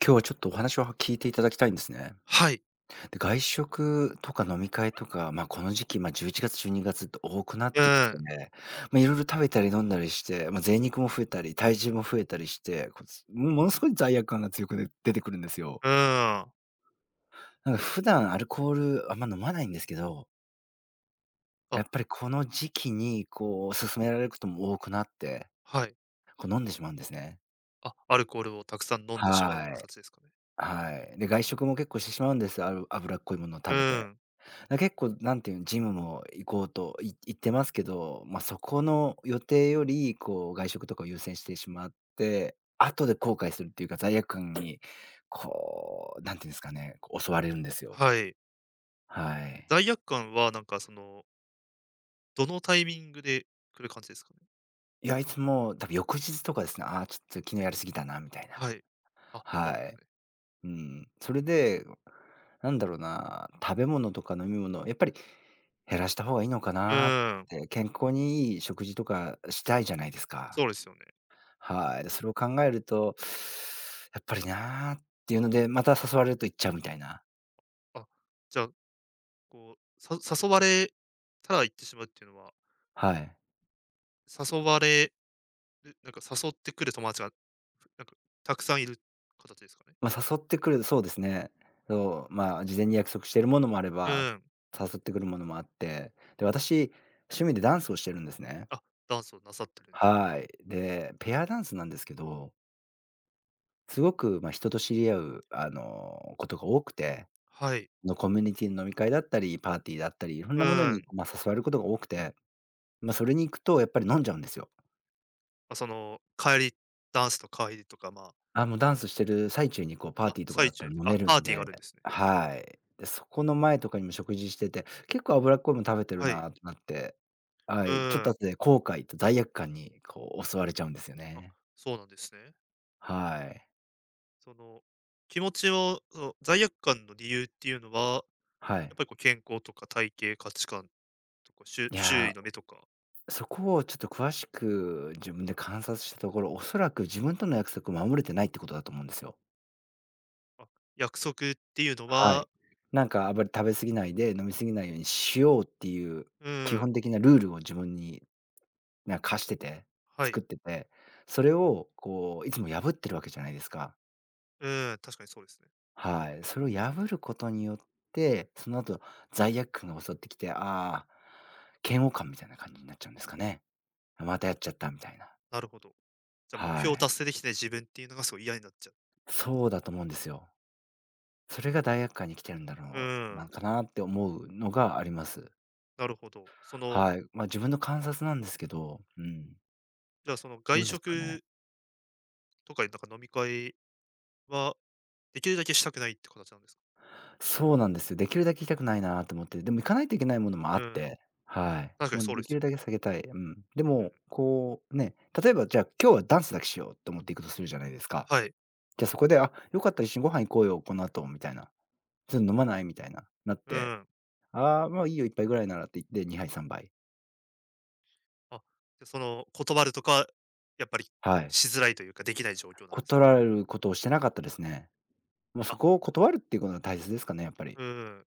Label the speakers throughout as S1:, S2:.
S1: 今日はちょっとお話を、は聞いていただきたいんですね。
S2: はい。
S1: で、外食とか飲み会とか、ま、この時期、ま、11月、12月って多くなっ
S2: う
S1: てきて
S2: ん。
S1: ね、まあ、いろいろ食べたり飲んだりして、まあ、贅肉も増えたり体重も増えたりして、こつものすごい罪悪感が強くで出てくるんですよ。
S2: うん。
S1: なんか普段アルコール、あんま飲まないんですけど
S2: あ。
S1: やっぱりこの時期にこう、勧められることも多くなって、
S2: はい。
S1: こ、飲んでしまうんですね。
S2: あ、アルコールをたくさん飲んでしまう
S1: は
S2: か
S1: い。
S2: たちですかね。
S1: はい。で外食も結構してしまうんです、ある脂っこいものを
S2: う
S1: 食べて、
S2: ん。
S1: 結構何ていうジムも行こうといいってますけど、ま、そこの予定よりこう外食とかを優先してしまって、後で後悔するっていうか罪悪感にこう何て言うんすかね、こう、襲われるんですよ。
S2: はい。
S1: はい。
S2: 罪悪感はなんかそのどのタイミングで来る感じですか？
S1: いや、いつも、たぶん翌日とかですね、「ああ、ちょっと昨日やりすぎたな」みたいな。
S2: はい。あ、そう
S1: は
S2: なんです
S1: い。
S2: ね。
S1: うん、それでなんだろうな、食べ物とか飲み物やっぱり減らした方がいいのか
S2: う
S1: なっ
S2: ん。
S1: て、健康に良い食事とかしたいじゃないですか。
S2: そうですよね。
S1: はい、で、それを考えると、「やっぱりなあ」っていうので、また誘われると行っちゃうみたいな
S2: あ、じゃあ、こう、さ誘われたら行ってしまうっていうのは
S1: はい。
S2: 誘われる、なんか誘ってくる友達がなんかたくさんいる形ですかね？
S1: ま、誘ってくる、そうですね。そう、まあ事前に約束しているものもあれ
S2: う
S1: ば、
S2: ん。
S1: 誘ってくるものもあって、で私趣味でダンスをしてるんですね。
S2: あ、ダンスをなさってるんです。
S1: はい。で、ペアダンスなんですけど。すごくま人と知り合うあのことが多くて。
S2: はい。
S1: のコミュニティの飲み会だったり、パーティーで会ったり、いろん
S2: う
S1: なもの
S2: ー
S1: に
S2: ん。
S1: ま誘われることが多くて、まそれに行くとやっぱり飲んじゃうんですよ。
S2: ま、その帰り、ダンスと帰りとか、まあ。
S1: あ、もうダンスしてる最中にこうパー
S2: あ、
S1: ティーとか
S2: 最
S1: だった
S2: 中っ
S1: ら
S2: て、
S1: 飲
S2: あ、
S1: める
S2: パー
S1: ん
S2: ティー
S1: で、
S2: があるんですね。
S1: はい。で、そこの前とかにも食事してて、結構脂っこいもの食べてる
S2: はい。
S1: なってなって、は
S2: う
S1: い、ちょっ
S2: ー
S1: と
S2: ん。
S1: 後で後悔と罪悪感にこう襲われちゃうんですよ
S2: あ、
S1: ね。
S2: そうなんですね。
S1: はい。
S2: その気持ちを、その、罪悪感の理由っていうのは、
S1: は
S2: や
S1: い。
S2: っぱりこう健康とか体型、価値観とか、しゅ
S1: い
S2: 周囲
S1: や、
S2: の目とか？
S1: そこをちょっと詳しく自分で観察したところ、おそらく自分との約束を守れてないってことだと思うんですよ。
S2: あ、約束っていうの
S1: は
S2: は？
S1: い。なんかあまり食べ過ぎないで、飲み過ぎないようにしようっていう
S2: う
S1: 基
S2: ーん。
S1: 本的なルールを自分になん課してて、
S2: はい。
S1: 作ってて、それをこういつも破ってるわけじゃないですか。
S2: うーん、確かにそうですね。
S1: はい、それを破ることによって、その後、罪悪感が襲ってきて、ああ、嫌悪感みたいな感じになっちゃうんですかね。「あ、またやっちゃった」みたいな。
S2: なるほど。じゃ、目
S1: は
S2: 標を
S1: い。
S2: 達成できてない自分っていうのがすごい嫌になっちゃうってことです？
S1: そうだと思うんですよ。それが罪悪感にきてるんだ
S2: う
S1: ろう、
S2: ー
S1: なん
S2: ん。
S1: かなって思うのがあります。
S2: なるほど。その
S1: はい、まあ自分の観察なんですけど、うん。
S2: じゃあその
S1: ど
S2: 外
S1: うですかね。
S2: 食とかいったか飲み会はできるだけしたくないって形なんですか？
S1: そうなんです。できるだけ行きたくないなと思って。でも行かないといけないものもあっ
S2: うん。
S1: て、はい。
S2: 確かに
S1: もう
S2: そうで
S1: で
S2: す
S1: き
S2: よ
S1: るだ
S2: ね。
S1: けさけたい。うん。で
S2: う
S1: も、
S2: ん。
S1: こう、ね、例えばじゃあ今日はダンスだけしようと思って行くとするじゃないですか。
S2: はい。
S1: じゃあそこで、「あ、よかったら一緒にご飯行こうよ、この後」みたいな。「ず、ん、飲まない？」みたいな、なっ
S2: う
S1: て、
S2: ん。
S1: 「あ、まあいいよ、1杯ぐらいなら」って言って、2杯3杯。
S2: あ、じゃあその、断るとか、やっぱり
S1: はい。
S2: しづらいというか。できない状況なんです。
S1: 断ることをしてなかったですね。ま、
S2: あ。
S1: そこを断るっていうことが大切ですかね、やっぱり。
S2: うん、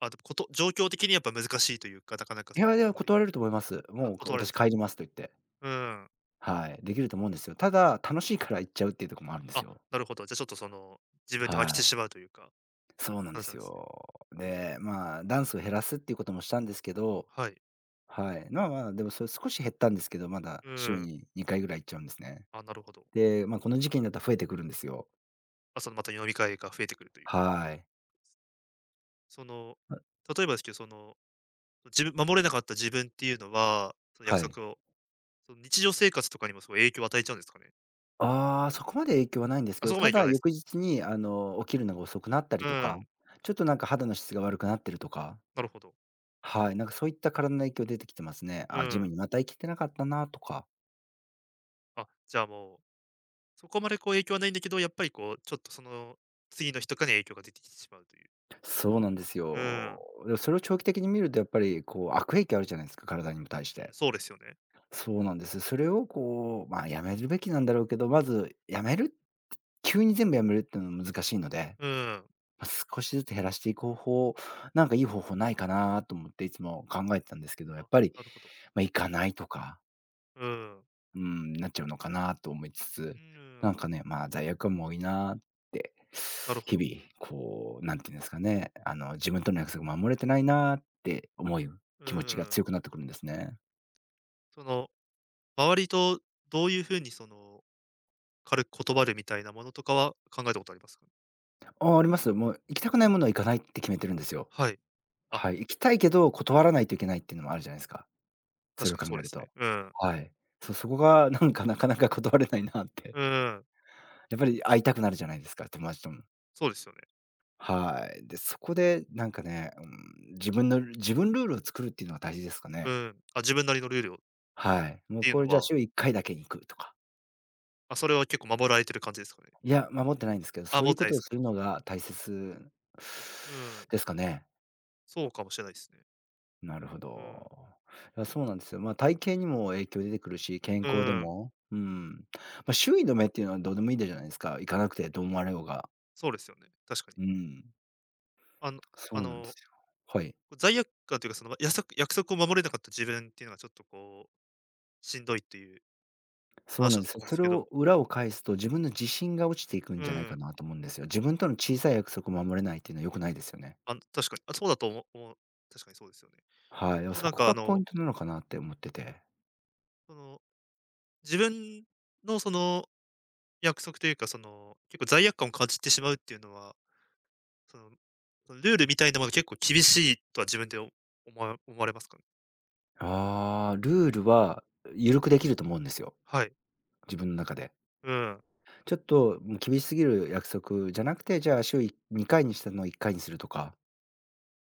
S2: あと、こと状況的にやっぱ難しいというか、なかなか
S1: い
S2: その、
S1: やいや、
S2: 断り
S1: 断れると思います。
S2: あ、
S1: もう、か
S2: 断れるん
S1: 私
S2: です。
S1: 帰りますと言って。
S2: うん。
S1: はい、できると思うんですよ。ただ、楽しいから行っちゃうっていうとこもあるんです
S2: あ、
S1: よ。
S2: なるほど。じゃあ、ちょっとその、自分で
S1: は
S2: 負けて
S1: い。
S2: しまうというか
S1: そうなんで
S2: 話な
S1: す
S2: んですね。
S1: よ。
S2: う
S1: で、
S2: ん。
S1: まあダンスを減らすっていうこともしたんですけど、
S2: はい。
S1: はい。まあまあ、でも、それ少し減ったんですけど。まだ、
S2: う
S1: 週
S2: ん。
S1: に2回ぐらい行っちゃうんですね。
S2: あ、なるほど。
S1: で、ま、この時期になったら増えてくるんですよ。
S2: ま、その、また飲み会が増えてくるという。
S1: はい。
S2: その、例えばですけど、その、じぶ守れなかった自分っていうのは、その約
S1: はい。
S2: 束をその日常生活とかにもすごい影響を与えちゃうんですかね。
S1: ああ、そこまで影響はないんです
S2: あ、
S1: けど。
S2: そこま
S1: た
S2: で影響は
S1: だ
S2: ないす
S1: 翌
S2: か。
S1: 日に、あの、起きるのが遅くなったり
S2: う
S1: とか、
S2: ん。
S1: ちょっとなんか肌の質が悪くなってるとか。
S2: なるほど。
S1: はい。なんか、そういった体の影響出てきてますね。
S2: う
S1: 「ああジム
S2: ん。
S1: にまた行けてなかったな」とか。
S2: あ、じゃあ、もう、そこまでこう影響はないんだけど、やっぱりこう、ちょっとその、次の日とかに影響が出てきてしまうという。
S1: そうなんです
S2: うー
S1: よ。
S2: ん。
S1: でもそれを長期的に見るとやっぱりこう、悪影響あるじゃないすか、体にも対し
S2: うん、
S1: て。
S2: そうですよね。
S1: そうなんです。それをこう、まあ、やめるべきなんだろうけど、まず、やめる、急に全部やめるってのは難しいので、
S2: うーん。
S1: ま、少しずつ減らしていく方法、なんかいい方法ないかな？と思っていつも考えてたんですけど、やっ
S2: あ、
S1: ぱり、
S2: なるほど。
S1: ま、行かないとか
S2: うーん。
S1: うん、なっちゃうのかなと思いつ
S2: う
S1: つ、
S2: ー
S1: な
S2: ん。
S1: んかね、まあ、罪悪感も多いなって、
S2: なるほ
S1: 日
S2: ど。
S1: 々こう、なんて言うんですかね、あの、自分との約束守れてないなって思ゆ
S2: うう
S1: 気持ちが
S2: ーん。
S1: 強くなってくるんですね。
S2: その、周りとどういう風に、その、軽く断るみたいなものとかは、考えたことあります？
S1: あ、あります。もう、行きたくないものは、行かないって決めてるんですよ、
S2: はい。あ。
S1: はい。行きたいけど、断らないといけないっていうのもあるじゃないすか、そ
S2: 確
S1: れ
S2: か
S1: を
S2: に、
S1: 考
S2: そう
S1: え
S2: で
S1: る
S2: すね。
S1: と、
S2: うん。
S1: はい。そう、そこが、なんかなかなか断れないなって。
S2: うんうん。
S1: やっぱり会いたくなるじゃないですか、友達とも。
S2: そうですよね。
S1: はい。で、そこでなんかね、うん、自分の自分ルールを作るっていうのが大事ですか
S2: う
S1: ね？
S2: ん、あ、自分なりのルールを。
S1: はい。もう
S2: ていう
S1: これ、
S2: の
S1: じゃあ、
S2: は。
S1: 週1回だけに行くとか。
S2: あ、それは結構守られてる感じですかね？
S1: いや、守ってないんですけど、
S2: あ、
S1: そう
S2: も
S1: い
S2: っ
S1: う
S2: て
S1: こ
S2: ない
S1: と
S2: す
S1: をす
S2: か。
S1: るのが大切
S2: うん。
S1: ですかね？
S2: そうかもしれないっすね。
S1: なるほ
S2: うん。
S1: ど。な、そうなんですよ。ま、体型にも影響出てくるし、健
S2: う
S1: 康で
S2: ん。
S1: も、うん。ま、周囲の目っていうのはどうでもいいでじゃないすか。行かなくてどう思われようが。
S2: そうですよね、確かに。
S1: うん。
S2: あのあ
S1: そうなんで
S2: の、
S1: すよ。はい。
S2: こう罪悪感というか、その、やそく約束を守れなかった自分っていうのがちょっとこう、しんどいという、
S1: そう
S2: 話
S1: なん
S2: だっ
S1: で
S2: た
S1: す
S2: と
S1: よ。
S2: 思うんで
S1: そ
S2: す
S1: れ
S2: け
S1: を
S2: ど。
S1: 裏を返すと、自分の自信が落ちていくん
S2: う
S1: じゃないか
S2: ん。
S1: なと思うんですよ。自分との小さい約束を守れないっていうのは良くないですよね。
S2: あの、確かに、あ、そうだとおも思う、確かにそうですよね。
S1: はい、あ、
S2: でも、
S1: そ
S2: なん
S1: こ
S2: か、あ
S1: がポ
S2: の
S1: イントなのかなって思ってて。
S2: その、自分のその約束というか、その、結構罪悪感を感じてしまうっていうのは、そのそのルールみたいなもの結構厳しいとは自分で、お思わ思われますかね？
S1: ああ、ルールはゆるくできると思うんですよ。
S2: はい。
S1: 自分中で。
S2: うん。
S1: ちょっと、も、厳しすぎる約束じゃなくて、じゃあ、週い2回にしてるのを1回にするとか。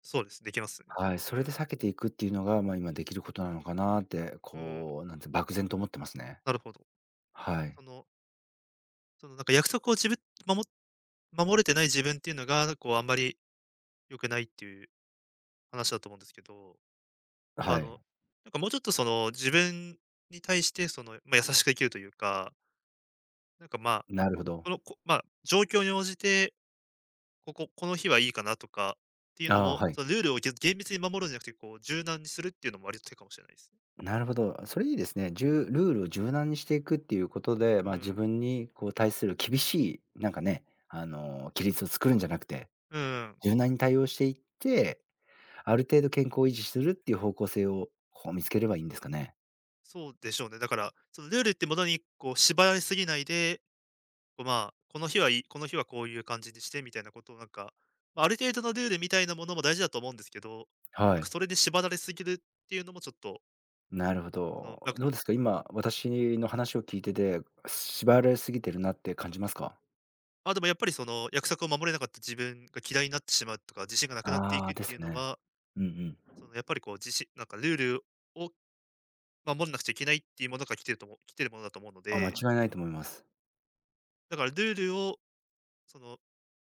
S2: そうです、できますよね。
S1: はい、
S2: う
S1: それで
S2: ん。
S1: 避けていくっていうのが、まあ、今できることなのかなって、
S2: うん。
S1: こう、なんつ、漠然と思ってますね。
S2: なるほど。
S1: はい。
S2: そのその、なんか、約束をじぶまも守れてない自分っていうのが、こう、あんまり良くないっていう話だと思うんですけど、
S1: は
S2: あ
S1: い。
S2: の、なんかもうちょっと、その、自分に対して、その、まあ、優しくできるというかなんか、まあ、
S1: なるほど。
S2: この、こまあ、状況に応じて、ここ、この日はいいかなとかっていうの
S1: あ、
S2: も、
S1: はい。
S2: そのルールをげ厳密に守るんじゃなくて、こう柔軟にするっていうのも割と手かもしれないですね。
S1: なるほど、それいいですね、じゅうルールを柔軟にしていくっていうことで、
S2: う
S1: まあ、自
S2: ん。
S1: 分にこう対する厳しい、なんかね、あの、規律を作るんじゃなくて、
S2: うんうん。
S1: 柔軟に対応していって、ある程度健康を維持するっていう方向性を、こう、見つければいいんですかね。
S2: そうでしょうね。だから、そのルールってものにこう縛られすぎないで、こうまあ、この日はいいこの日はこういう感じにしてみたいなことをなんか、ま、ある程度のルールみたいなものも大事だと思うんですけど、な
S1: は
S2: んか
S1: い。
S2: それで縛られすぎるっていうのもちょっと
S1: なるほ
S2: そう、だ
S1: ど。
S2: か
S1: どうですか、今私の話を聞いてて、縛られすぎてるなって感じますか？
S2: まあ、でもやっぱりその約束を守れなかった自分が嫌いになってしまうとか、自信がなくなってい
S1: あ
S2: く
S1: あ、
S2: っ
S1: で
S2: ていう
S1: す
S2: の
S1: ね。
S2: は
S1: うんう
S2: そ
S1: ん。
S2: のやっぱりこう、じしなんかルールを守んなくちゃいけないっていうものから来てると思う来てるものだと思うの
S1: あ、間違
S2: で。
S1: いないと思います。
S2: だからルールを、その、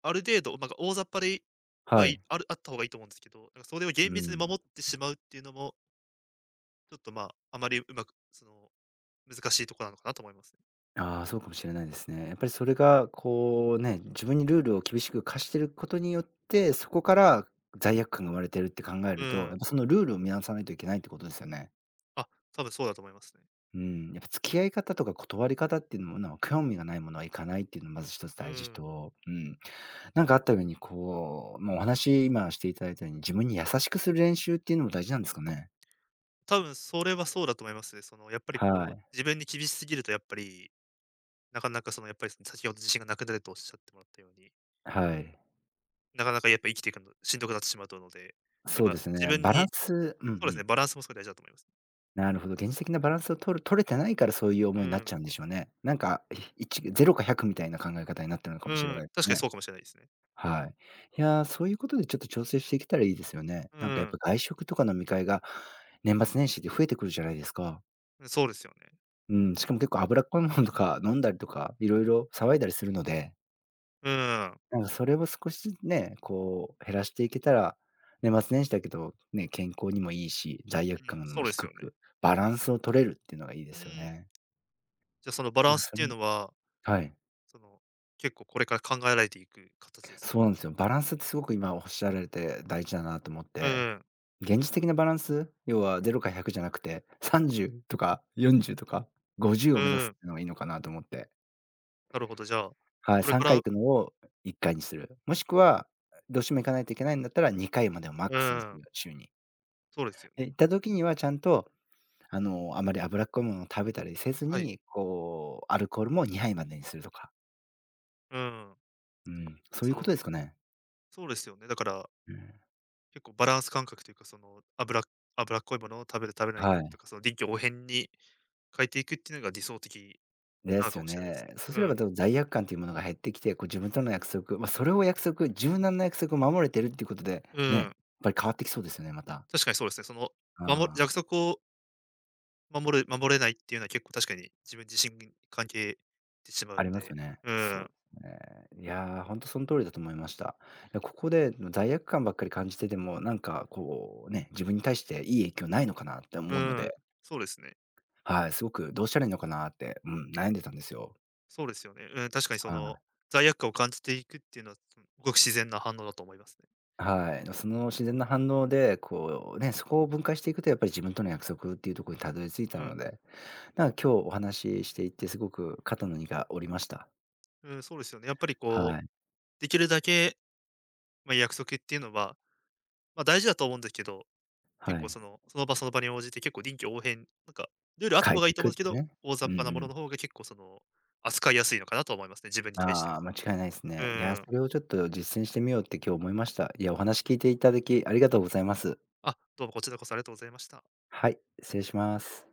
S2: ある程度、なんか、大雑把でいいわ
S1: は
S2: い
S1: い。
S2: あるあった方がいいと思うんですけど、なんかそれを厳
S1: う
S2: 密に
S1: ん。
S2: 守ってしまうっていうのもちょっとま、あまりうまく、その難しいとこなのかなと思いますね。
S1: あ、そうかもし
S2: う
S1: れ
S2: ん。
S1: ないですね。やっぱりそれがこうね、自分にルールを厳しく課していることによって、そこから罪悪感が生まれているって考え
S2: う
S1: ると、
S2: ん。
S1: やっぱそのルールを見直さないといけないってことですよね。
S2: あ、多分そうだと思いますね。
S1: うん、やっぱ付き合い方とか断り方っていうものは、興味がないものは行かないっていうのはまず一つ
S2: う
S1: 大事
S2: ん。
S1: と、うん。なんかあったようにこう、もうお話今していただいたように、自分に優しくする練習っていうのも大事なんですかね。
S2: 多分それはそうだと思います。そのやっぱり
S1: は
S2: こう
S1: い。
S2: 自分に厳しすぎるとやっぱり、なかなかそのやっぱり先ほど自信がなくなるとおっしゃってもらったように。
S1: はい。
S2: なかなかやっぱ生きていくの、しんどくなってしまうと思うので、やっ
S1: そうで
S2: ぱ
S1: す
S2: 自
S1: ね、
S2: 分
S1: バラン
S2: に
S1: ス。うんう
S2: そうですね、
S1: ん。
S2: バランスもすごい大事だと思います。
S1: なるほど、現実的なバランスを取る取れてないからそういう思い
S2: う
S1: になっ
S2: ーん。
S1: ちゃうんでしょうね。なんか、ひい0か100みたいな考え方になってるのか
S2: う
S1: もしれ
S2: ー
S1: な
S2: ん、
S1: いで
S2: 確
S1: す
S2: かにそ
S1: ね。
S2: うかもしれないですね。
S1: はい。いや、そういうことでちょっと調整していけたらいいですよね。
S2: う
S1: なんかや
S2: ー
S1: っ
S2: ん。
S1: ぱ外食とか飲み会が年末年始で増えてくるじゃないですか？
S2: うん、そうですよね。
S1: うん、しかも結構脂っこいものとか飲んだりとか、いろいろ騒いだりするので。
S2: うーん。
S1: なんかそれを少しずつね、こう減らしていけたら、年末年始だけどね、健康にもいいし、罪悪
S2: うん、
S1: 感
S2: そ
S1: も
S2: うです
S1: 低
S2: よね。
S1: く、バランスを取れるっていうのがいいで
S2: う
S1: すよ
S2: ーん。
S1: ね。
S2: じゃ、そのバラ
S1: まあ、
S2: ンスっ
S1: そ
S2: ていう
S1: ん
S2: のは
S1: はい。
S2: その、結構これから考えられていく形ですか？
S1: そうなんすよ。バランスってすごく、今おっしゃられて大事だなと思っ
S2: うん
S1: て。
S2: うん。
S1: 現実的なバランス、要は0か100じゃなくて、30とか40とか50を
S2: う
S1: 目指す
S2: ん。
S1: っていうのがいいのかなと思って。
S2: なるほど。じゃあ、こ
S1: はい。
S2: れ
S1: さ
S2: か
S1: んか
S2: ら
S1: い行くのを1回にする。もしくは、うどうしても行かないといけないんだったら2回までをマッ
S2: う
S1: クスにす
S2: ん。
S1: る、週に。
S2: そうですよね。
S1: で、行った時には、ちゃんとあの、あまり脂っこいものを食べたりせず
S2: はい。
S1: に、こうアルコールも2杯までにするとか。
S2: うん。
S1: うん、
S2: じゃ、
S1: そういう
S2: そ
S1: こと
S2: の
S1: ですかね？
S2: そうですよね。だから
S1: うん。
S2: 結構バランス感覚というか、その、脂脂っこいものを食べる食べない
S1: は
S2: と
S1: い。
S2: か、その臨機応変に変えていくっていうのが理想的
S1: で
S2: なの
S1: す
S2: か
S1: よ
S2: もしれないす
S1: ね。
S2: ね。
S1: そう
S2: う
S1: すれ
S2: ん。
S1: ば多分罪悪感というものが減ってきて、こう、自分との約束ま、それを約束、柔軟な約束を守れているっていうことで、
S2: う
S1: ね、や
S2: ー
S1: っ
S2: ん。
S1: ぱり変わってきそうですよね、また。
S2: 確かにそうですね。その、まも
S1: ああ。
S2: 約束を守る、守れないっていうのは結構確かに、自分じしんぎん関係てしまう
S1: あり
S2: の
S1: ます
S2: で、
S1: よね。
S2: うー
S1: そ
S2: ん。
S1: う、ね。いやほんとその通りだと思いました。いや、ここで、あの、罪悪感ばっかり感じててもなんかこうね、自分に対していい影響ないのかなって
S2: う
S1: 思うの
S2: ーん。
S1: で。
S2: そうですね。
S1: はい、すごくどうしたらいいのかなって、うん、悩んでたんですよ。
S2: そうですよね。うん、確かにそ
S1: は
S2: の
S1: い。
S2: 罪悪感を感じていくっていうのは、すんごく自然な反応だと思いますね。
S1: あ、はい、なその自然な反応でこうね、そこを分解していくと、やっぱり自分との約束っていうとこにたどり着い
S2: う
S1: た
S2: ん。
S1: ので、なんか、今日お話ししていてすごく肩の荷が下りました。
S2: うん、そうですよね。やっぱりこ
S1: はい。
S2: う、できるだけ、まあ、約束っていうのは、ま、大事だと思うんでけど、
S1: は
S2: 結構
S1: い。
S2: その、その場、その場に応じて結構臨機応変、なんかルールあった
S1: 変え
S2: 方が
S1: て
S2: い
S1: い
S2: いと思
S1: く
S2: う
S1: っ
S2: んすけ
S1: て
S2: ど、
S1: ね。
S2: 大
S1: う
S2: 雑把
S1: ん
S2: な
S1: う
S2: もの
S1: ん。
S2: の方が結構、その、扱いやすいのかなと思いますね、自分に対して
S1: ああ、
S2: も。
S1: 間違いないす
S2: う
S1: ね。いや、
S2: ーん。
S1: それをちょっと実践してみようって、今日思いました。いや、お話
S2: う
S1: 聞
S2: ん。
S1: いていただき、ありがとうございます。
S2: あ、どうもこちらこそありがとうございました。
S1: はい、失礼します。